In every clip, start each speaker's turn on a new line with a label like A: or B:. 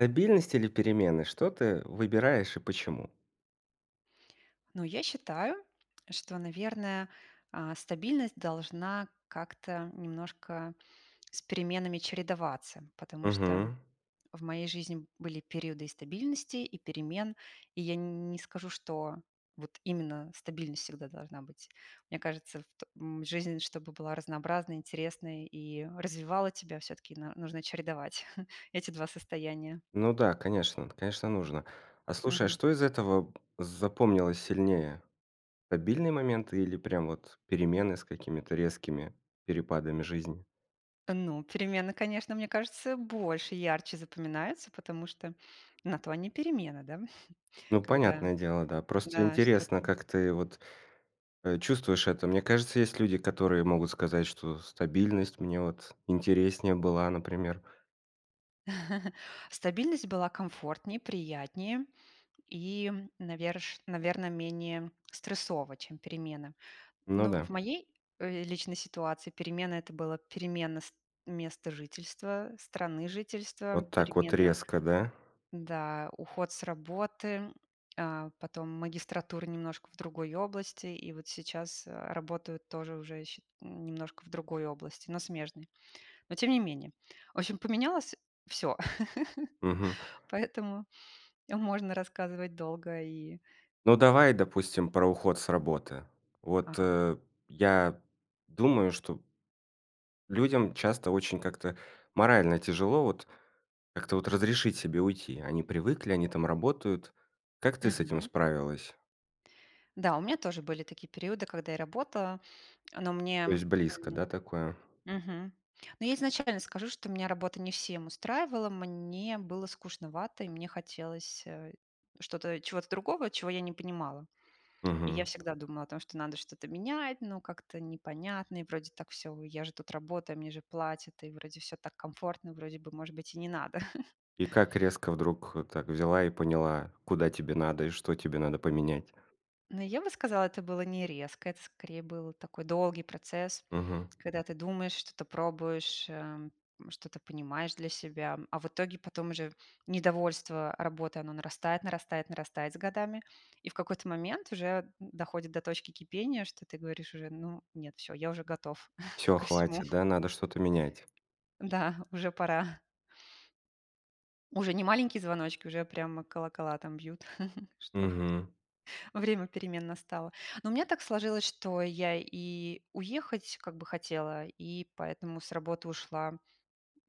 A: Стабильность или перемены, что ты выбираешь и почему?
B: Ну, я считаю, что, наверное, а, стабильность должна как-то немножко с переменами чередоваться. Потому что
A: Мгм.
B: в моей жизни были периоды и стабильности, и перемен. И я не скажу, что вот именно стабильность всегда должна быть. Мне кажется, вт м, жизнь, чтобы была разнообразной, интересной и развивала тебя, всё-таки на нужно чередовать эти 2 состояния.
A: Ну да, конечно, это, конечно, нужно. А слушай, а
B: Мгм.
A: что из этого запомнилось сильнее? Стабильные моменты или прям вот перемены с какими-то резкими перепадами жизни?
B: Ну, перемены, конечно, мне кажется, больше и ярче запоминаются, потому что на то они перемены, да?
A: Ну
B: Когда,
A: понятное дело, да. Просто
B: да,
A: интересно,
B: что-то
A: как ты вот, э, чувствуешь это. Мне кажется, есть люди, которые могут сказать, что стабильность мне вот интереснее была, например.
B: Стабильность была комфортнее, приятнее и, наверш наверно, менее стрессово, чем перемены.
A: Ну
B: Но в
A: да.
B: моей, э, личной ситуации перемены- это была перемена ст места жительства, страны жительства,
A: Вот так вот
B: перемена,
A: резко, да?
B: да, уход с работы, а, потом магистратуры немножко в другой области. И вот сейчас, э, работаю тоже уже счи немножко в другой области, но смежной. Но тем не менее. В общем, поменялось всё.
A: Мгм.
B: Поэтому можно рассказывать долго и
A: Ну, давай, допустим, про уход с работы. Вот,
B: Ага.
A: э, я думаю, что людям часто очень как-то морально тяжело, вот, как-то вот разрешить себе уйти. Они привыкли, они там работают. Как ты с этим
B: Мгм.
A: справилась?
B: Да, у меня тоже были такие периоды, когда я работала. Но
A: То
B: мне
A: есть близко,
B: М,
A: да, такое?
B: мгм. Ну я изначально скажу, что меня работа не всем устраивала, мне было скучновато, и мне хотелось, э, что-то чего-то другого, чего я не понимала. И я
A: Мгм.
B: всегда думала о том, что надо что-то менять, но как-то непонятно. И вроде так всё: я же тут работаю, мне же платят, и вроде всё так комфортно, вроде бы, может быть, и не надо.
A: И как резко вдруг, э, так взяла и поняла, куда тебе надо и что тебе надо поменять?
B: Но я бы сказала, это было не резко, это скорее был такой долгий процесс,
A: Мгм.
B: когда ты думаешь, что-то пробуешь, эм, что-то понимаешь для себя, м. А в итоге потом уже недовольство работой, оно нарастает нарастает нарастает с годами. И в какой-то момент уже д доходит до точки кипения, что ты говоришь уже: "Ну, нет, всё, я уже готов
A: Всё,
B: ко всему".
A: хватит, да? Надо что-то менять.
B: Да, уже пора. Уже не маленькие звоночки, уже прямо колокола там бьют, что
A: Мгм.
B: время перемен настало. Но у меня так сложилось, что я и уехать как бы хотела, и поэтому с работы ушла.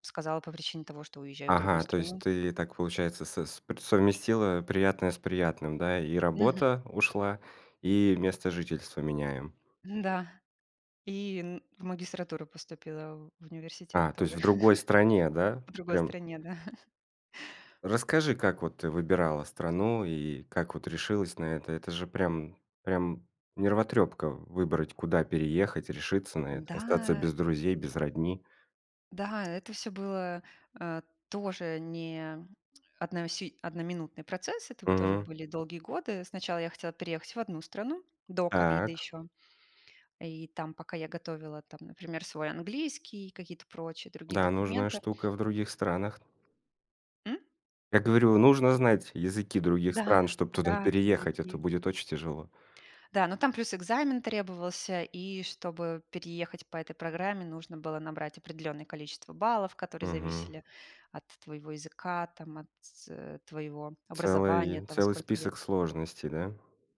B: Сказала по причине того, что уезжаю в другую
A: Ага, то есть
B: страну.
A: ты, э, так получается с э, с пр совместила, э, приятное с приятным, да, и
B: Мгм.
A: работа ушла, и место жительства меняем?
B: Н-да. И н в магистратуру поступила, в в университет
A: А, то есть
B: тоже.
A: в другой стране, да?
B: В другой
A: Прям
B: стране, да.
A: Расскажи, как вот ты выбирала страну и как вот решилась на это? Это же прям прям нервотрёпка в выбрать, куда переехать, решиться на это, остаться
B: Да.
A: без друзей, без родни.
B: Да, это всё было, э, тоже не одно сию одноминутный процесс. Это вот тоже
A: Мгм.
B: были долгие годы. Сначала я хотела переехать в одну страну до ковида
A: Так.
B: ещё. И там пока я готовила там например, свой английский, и какие-то прочие другие
A: Да, нужная
B: документы
A: штука в других странах.
B: М?
A: Я говорю, нужно знать языки других
B: Да,
A: стран, чтоб туда
B: да,
A: переехать, а то
B: языки.
A: будет очень тяжело.
B: Да, ну там плюс экзамен требовался. И чтобы переехать по этой программе, нужно было набрать определенное количество баллов, которые
A: Мгм.
B: зависели от твоего языка, там от т т э, твоего образования,
A: Целый
B: от того,
A: целый
B: сколько лет.
A: список сложностей, да?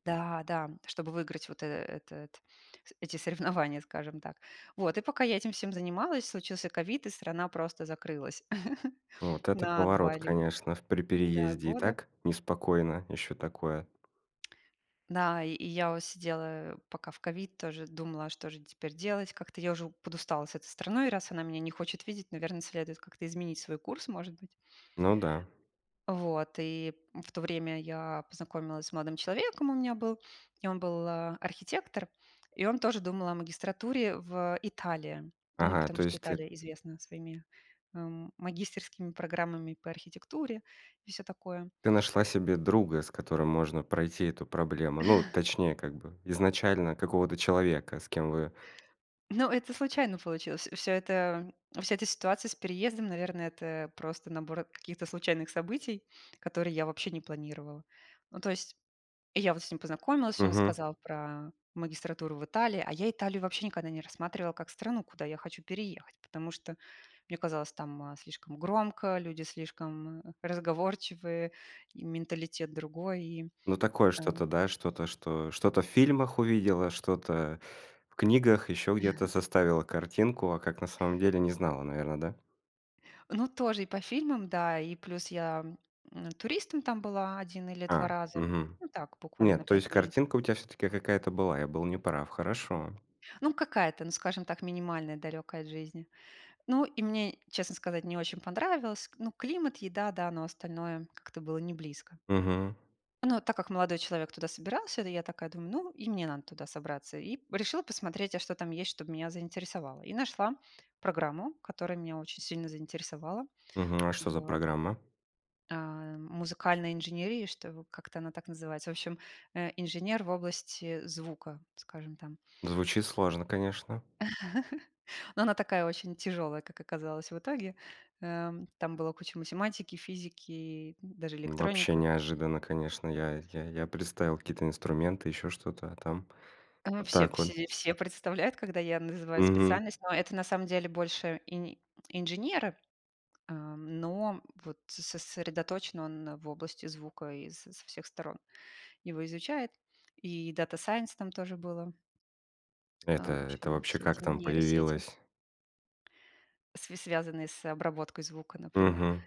B: Да-да. Чтобы выиграть вот, э, этот с эти соревнования, скажем так. Вот. И пока я этим всем занималась, случился ковид, и страна просто закрылась
A: Вот это
B: на 2
A: поворот,
B: ле
A: конечно, в при
B: да,
A: переезде и
B: года.
A: так неспокойно. Ещё такое.
B: Да, и и я вот сидела пока в ковид, тоже думала, а что же теперь делать? Как-то я уже подустала с этой страной, раз она меня не хочет видеть, наверно, следует как-то изменить свой курс, может быть.
A: Ну да.
B: Вот, и в то время я познакомилась с молодым человеком, у меня был, и он был, а, архитектор. И он тоже думал о магистратуре в Италии. Ну,
A: Ага,
B: потому
A: то
B: что
A: есть ты
B: Италия известна своими, м, магистерскими программами по архитектуре и всё такое.
A: Ты нашла себе друга, с которым можно пройти эту проблему. Ну, точнее, как бы изначально какого-то человека, с кем вы
B: Ну, это случайно получилось. Вс всё это, вся эта ситуация с переездом, наверное, это просто набор каких-то случайных событий, которые я вообще не планировала. Ну то есть, я вот с ним познакомилась, он
A: Мгм.
B: сказал про магистратуру в Италии, а я Италию вообще никогда не рассматривала как страну, куда я хочу переехать, потому что мне казалось, там, а, слишком громко, люди слишком разговорчивые и менталитет другой, и
A: Ну, такое что-то,
B: ам
A: да, что-то, что что-то в фильмах увидела, что-то в книгах, еще где-то составила картинку, а как на самом деле не знала, наверно, да?
B: Ну, тоже и по фильмам, да, и плюс я, м, туристом там была 1 или 2
A: А,
B: раза.
A: мгм,
B: Ну так, буквально на
A: нет, то
B: 5
A: есть
B: дней.
A: картинка у тебя все-таки какая-то была. Я был не прав, хорошо.
B: Ну, какая-то, ну, скажем так, минимальная, далекая от жизни. Ну, и мне, честно сказать, не очень понравилось к Ну, климат, еда, да, но остальное как-то было неблизко.
A: Мгм.
B: Но а так как молодой человек туда собирался, то я такая думаю: "Ну, и мне надо туда собраться". И решила посмотреть, а что там есть, чтобы меня заинтересовало. И нашла программу, которая меня очень сильно заинтересовала
A: Мгм, а что за
B: в
A: программа?
B: Ам, музыкальной инженерии, что как-то она так называется. В общем, э, инженер в области звука, скажем там.
A: Звучит сложно, конечно.
B: Ну она такая, очень тяжёлая, как оказалось в итоге. Ам, там была куча математики, физики, даже
A: Вообще
B: электроника.
A: неожиданно, конечно, я я я представил какие-то инструменты, ещё что-то, а там
B: А, м,
A: Вот
B: все
A: так
B: все
A: вот.
B: де все представляют, когда я называю
A: Мгм.
B: специальность. Но это, на самом деле, больше ини инженеры, ам, но вот с сосредоточен он в области звука и с со всех сторон его изучает. И Data Science там тоже было.
A: Это
B: Ам, в
A: это
B: общем,
A: вообще
B: все
A: как
B: эти
A: там
B: нейросети.
A: появилось?
B: С связанные с обработкой звука, например.
A: Мгм.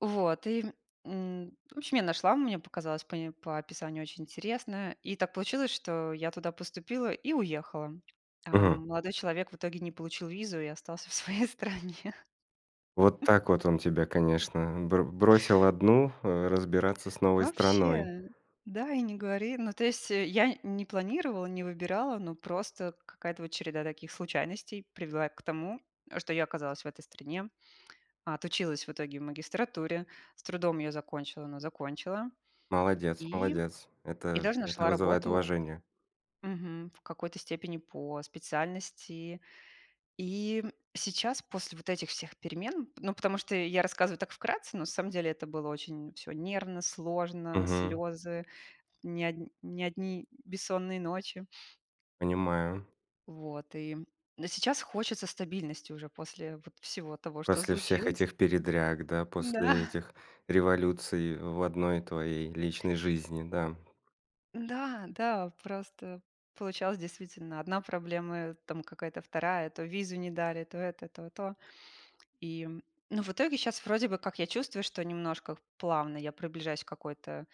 B: Вот и, м, м, в общем, я нашла, мне показалось пои по описанию очень интересное. И так получилось, что я туда поступила и уехала. А
A: Мгм.
B: молодой человек в итоге не получил визу и остался в своей стране.
A: Вот так вот он тебя, конечно, бро бросил одну, э, разбираться с новой страной.
B: Вообще. Да и не говори. Ну, то есть, э, я не планировала, не выбирала, но просто какая-то вот череда таких случайностей привела к тому, что я оказалась в этой стране. Отучилась в итоге в магистратуре, с трудом её закончила, но закончила.
A: Молодец,
B: И,
A: молодец!
B: и
A: Это
B: даже
A: это
B: нашла
A: вызывает
B: работу.
A: уважение!
B: Мгм, в какой-то степени по специальности. И, м, сейчас, после вот этих всех перемен ну, потому что я рассказываю так вкратце, на самом деле это было очень всё нервно, сложно,
A: Мгм.
B: слёзы, не одн не одни бессонные ночи.
A: Понимаю.
B: Вот, и, э, сейчас хочется стабильности уже после вот всего того, что
A: После всех
B: случилось.
A: этих передряг, да,
B: Мгм. Да.
A: после этих революций в одной твоей личной жизни, да.
B: Да, да просто получалось, действительно, 1 проблема, там какая-то 2. То визу не дали, то это, то то. И, ну в итоге, щас вроде бы, как я чувствую, что немножко плавно я приближаюсь к какой-то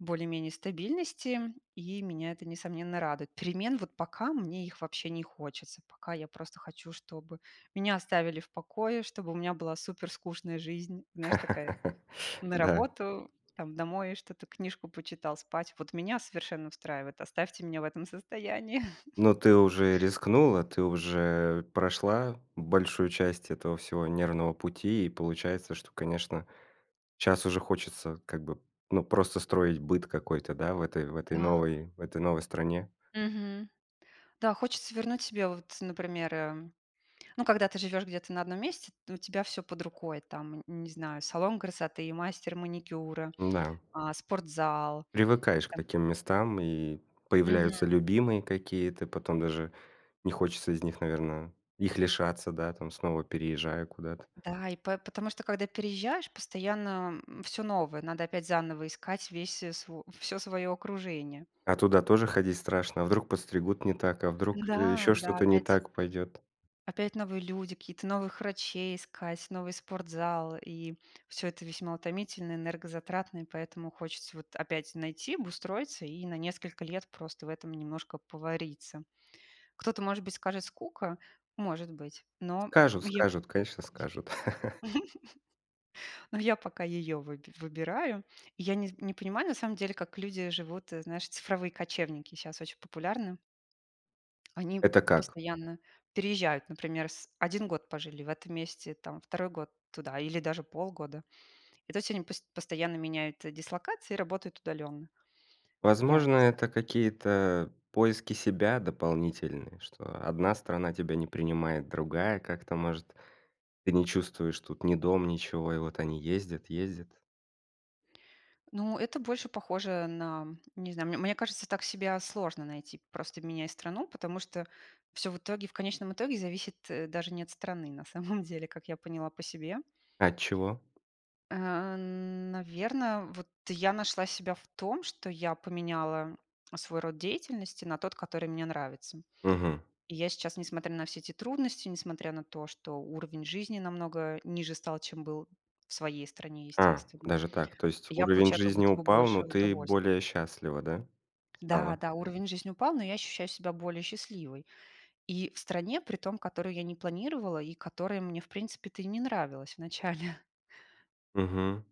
B: более-менее стабильности, и меня это несомненно радует. Перемен вот пока мне их вообще не хочется, пока я просто хочу, чтобы меня оставили в покое, чтобы у меня была супер скучная жизнь, знаешь, такая на
A: Да.
B: работу, там, домой что-то, книжку почитал, спать. Вот меня совершенно устраивает, оставьте меня в этом состоянии.
A: Ну ты уже рискнула, ты уже прошла большую часть этого всего нервного пути, и получается, что, конечно, щас уже хочется, как бы ну просто строить быт какой-то, да, в этой в этой
B: Да.
A: новой в этой новой стране.
B: Мгм. Да, хочется вернуть себе вот, например, э, ну, когда ты живёшь где-то на одном месте, у тебя всё под рукой. Там, н не знаю, салон красоты, мастер маникюра,
A: Н-да.
B: а, спортзал,
A: Привыкаешь к
B: там
A: таким местам, и
B: Мгм.
A: появляются любимые какие-то, потом даже не хочется из них, наверное их лишаться, да, там снова переезжая куда-то.
B: Да, и п потому что, когда переезжаешь, постоянно всё новое. Надо опять заново искать весь сво всё своё окружение.
A: А туда тоже ходить страшно? А вдруг подстригут не так? А вдруг
B: Да,
A: еще
B: да,
A: что-то не
B: опять
A: так пойдет?
B: опять новые люди, какие-то новых врачей искать, новый спортзал, и всё это весьма утомительно, энергозатратно, и поэтому хочется вот опять найти, обустроиться и на несколько лет просто в этом немножко повариться. Кто-то, может быть, скажет: "Скука". Может быть. Но
A: Скажут
B: я
A: скажут, конечно скажут!
B: но я пока её выб выбираю. Я не не понимаю, на самом деле, как люди живут, э, знаешь, цифровые кочевники щас очень популярны. Они
A: Это как?
B: постоянно переезжают. Например, с 1 год пожили в этом месте, там 2 год туда или даже полгода. И то есть они пос постоянно меняют, э, дислокации и работают удаленно. Я
A: Возможно,
B: не зна
A: это какие-то поиски себя дополнительные что, одна страна тебя не принимает, другая как-то может Ты не чувствуешь тут ни дом, ничего и вот они ездят ездят.
B: Ну, это больше похоже на, не знаю, мне мне кажется, так себя сложно найти, просто меняя страну, потому что всё в итоге, в конечном итоге зависит, э, даже не от страны, на самом деле, как я поняла по себе.
A: А от чего?
B: Э, н наверно, вот я нашла себя в том, что я поменяла свой род деятельности на тот, который мне нравится.
A: Мгм.
B: И я сейчас, несмотря на все те трудности, несмотря на то, что уровень жизни намного ниже стал, чем был в своей стране,
A: А,
B: естественно,
A: даже так, то есть
B: я
A: уровень
B: получаю как
A: жизни
B: будто бы
A: упал, но
B: больше
A: ты
B: удовольств
A: более счастлива, да, стала?
B: Да-да, уровень жизни упал, но я ощущаю себя более счастливой. И в стране, при том, которую я не планировала и которая мне, в принципе-то и не нравилась вначале.
A: Мгм.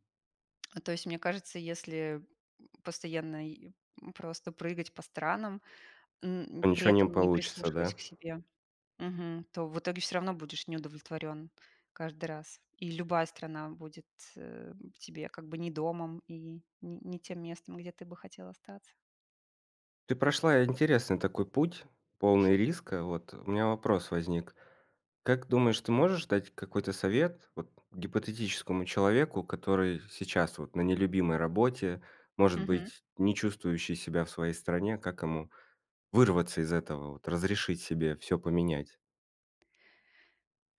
B: А то есть, мне кажется, если, м, постоянно, е м, просто прыгать по странам, м,
A: То
B: при
A: ничего не
B: этом не
A: получится, да?
B: прислушиваясь к себе, мгм, то в итоге всё равно будешь неудовлетворён каждый раз. И любая страна будет, э, тебе как бы не домом и н не тем местом, где ты бы хотел остаться.
A: Ты прошла интересный такой путь, полный риска. Вот, у меня вопрос возник. Как думаешь, ты можешь дать какой-то совет, вот, гипотетическому человеку, который с сейчас, вот, на нелюбимой работе, может
B: Мгм.
A: быть, не чувствующий себя в своей стране, как ему вырваться из этого, вот, разрешить себе всё поменять?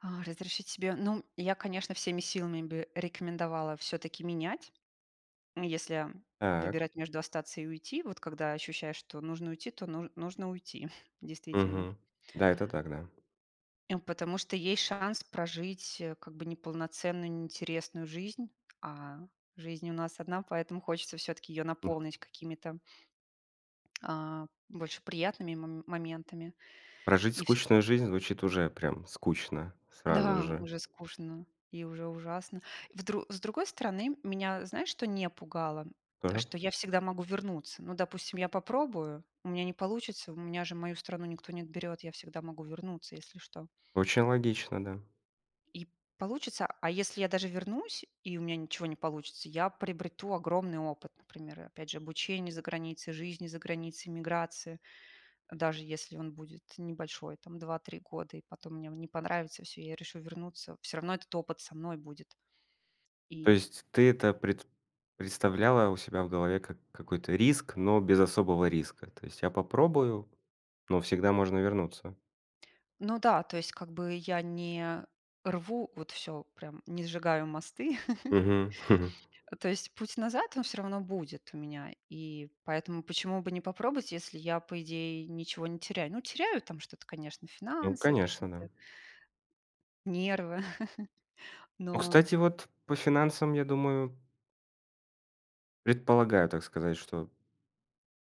B: А, разрешить себе, ну, я, конечно, всеми силами бы рекомендовала всё-таки менять, м, если
A: Так.
B: выбирать между остаться и уйти. Вот когда ощущаешь, что нужно уйти, то н нужно уйти, действительно.
A: Мгм. Да, это так, да.
B: Эм, потому что есть шанс прожить, э, как бы неполноценную, неинтересную жизнь. А, жизнь у нас одна, поэтому хочется всё-таки её
A: М.
B: наполнить какими-то а, больше приятными мом моментами.
A: Прожить
B: И всё-таки
A: скучную жизнь звучит уже прям скучно сразу
B: Да,
A: же.
B: уже скучно и уже ужасно. Вдр с другой стороны, меня знаешь, что не пугало?
A: Тоже.
B: Что я всегда могу вернуться. Ну, допустим, я попробую, у меня не получится, у меня же мою страну никто не отберёт, я всегда могу вернуться, если что.
A: Очень логично, да.
B: И получится, а если я даже вернусь, и у меня ничего не получится, я приобрету огромный опыт. Например, опять же обучение за границей, жизни за границей, эмиграции. Даже если он будет небольшой, там 2-3 года, и потом мне он не понравится и всё, и я решу вернуться, всё равно этот опыт со мной будет.
A: То
B: И
A: есть ты это пред представляла у себя в голове как какой-то риск, но без особого риска. То есть я попробую, но всегда можно вернуться.
B: Ну да, то есть как бы я не рву, вот всё прям, не сжигаю мосты.
A: Мгм.
B: Э, то есть, путь назад он всё равно будет у меня. И поэтому, почему бы не попробовать, если я, по идее, ничего не теряю? Ну, теряю там что-то, конечно,
A: Ну,
B: финансы
A: конечно, да.
B: какие-то. Нервы,
A: Ну,
B: но
A: кстати, вот по финансам, я думаю Предполагаю, так сказать, что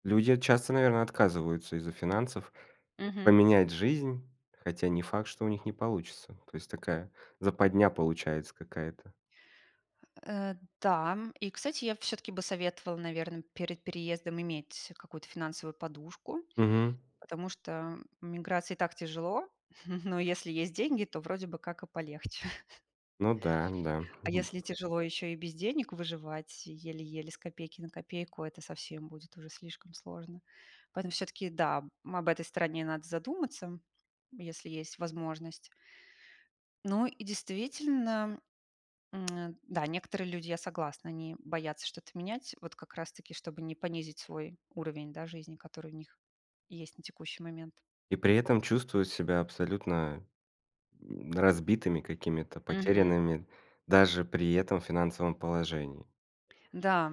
A: люди часто, наверно, отказываются из-за финансов
B: Мгм.
A: поменять жизнь, хотя не факт, что у них не получится, то есть такая, западня получается какая-то.
B: Э, да, и, кстати, я всё-таки бы советовала, наверно, перед переездом иметь какую-то финансовую подушку,
A: Мгм.
B: потому что в эмиграции и так тяжело, но если есть деньги, то вроде бы как и полегче.
A: Ну да, да.
B: А если тяжело ещё и без денег выживать еле-еле с копейки на копейку, это совсем будет уже слишком сложно. Поэтому всё-таки, да, об этой стороне надо задуматься, если есть возможность. Ну, и действительно, м, да, некоторые люди, я согласна, они боятся что-то менять, вот как раз таки, чтобы не понизить свой уровень, да, жизни, который у них есть на текущий момент.
A: И при этом чувствуют себя абсолютно разбитыми какими-то,
B: Мгм.
A: потерянными даже при этом финансовом положении.
B: Да.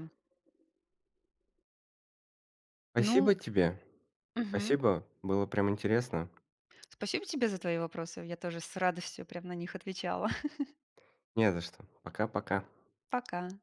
B: Ну
A: Спасибо тебе,
B: Мгм.
A: спасибо. Было прям интересно.
B: Спасибо тебе за твои вопросы. Я тоже с радостью прям на них отвечала.
A: Не за что, пока-пока.
B: Пока.